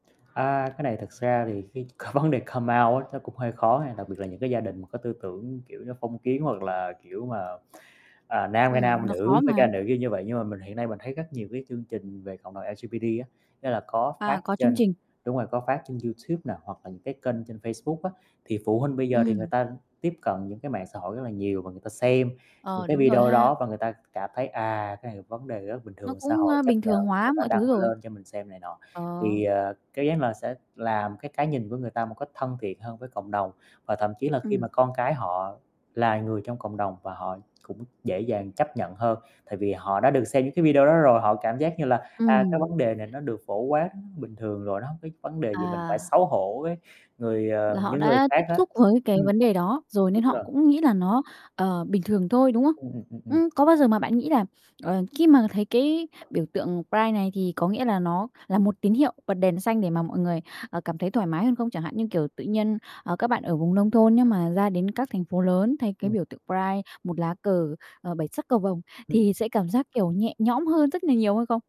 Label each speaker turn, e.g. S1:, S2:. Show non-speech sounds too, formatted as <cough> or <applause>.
S1: À, cái này thật ra thì cái vấn đề come out á nó cũng hơi khó nha, đặc biệt là những cái gia đình mà có tư tưởng, kiểu như, phong kiến hoặc là, kiểu mà, à, nam ra
S2: Ừm,
S1: nam
S2: nó
S1: nữ
S2: khó
S1: phải
S2: mà.
S1: ra nữ, kiểu như vậy. Nhưng mà mình hiện nay mình thấy rất nhiều cái chương trình về cộng đồng LGBT á, ý là có phát
S2: À, có chương
S1: trên
S2: trình.
S1: đúng rồi, có phát trên YouTube nè hoặc là những cái kênh trên Facebook á, thì phụ huynh bây giờ thì người
S2: Ừm.
S1: ta tiếp cận những cái mạng xã hội rất là nhiều và người ta xem những
S2: Ờ,
S1: cái
S2: đúng rồi
S1: video
S2: ha.
S1: đó và người ta cảm thấy, à, cái này là vấn đề rất là bình
S2: Nó
S1: thường, xã
S2: cũng,
S1: hội
S2: a,
S1: chấp
S2: bình
S1: nhận,
S2: thường
S1: người
S2: hóa
S1: ta
S2: mọi thứ
S1: đăng
S2: rồi.
S1: lên cho mình xem này nọ.
S2: Ờ.
S1: Thì, à, <unintelligible> là sẽ làm cái cái nhìn của người ta một cách thân thiện hơn với cộng đồng, và thậm chí là khi
S2: Ừm.
S1: mà con cái họ là người trong cộng đồng và họ cũng dễ dàng chấp nhận hơn. Tại vì họ đã được xem những cái video đó rồi, họ cảm giác như là, à, cái
S2: Ừm.
S1: vấn đề này nó được phổ quát bình thường rồi, nó hông có vấn đề gì mình phải
S2: À.
S1: xấu hổ với người, ờ
S2: Là họ
S1: những người
S2: đã
S1: khác
S2: tiếp
S1: hết.
S2: xúc với cái
S1: Ừm.
S2: vấn đề đó rồi nên
S1: Đúng
S2: họ
S1: rồi.
S2: cũng nghĩ là nó, ờ, bình thường thôi, đúng không?
S1: Ừm, ừm, ừm, ừm.
S2: Ừm, có bao giờ mà bạn nghĩ là, ờ, khi mà thấy cái biểu tượng pride này thì có nghĩa là nó là một tín hiệu bật đèn xanh để mà mọi người, ờ, cảm thấy thoải mái hơn không chẳng hạn như, kiểu, tự nhiên, ờ, các bạn ở vùng nông thôn nếu mà ra đến các thành phố lớn thấy cái
S1: Ừm.
S2: biểu tượng pride, một lá cờ, ờ, bảy sắc cầu vồng
S1: Ừm, ừm.
S2: thì sẽ cảm giác kiểu nhẹ nhõm hơn rất là nhiều hay không?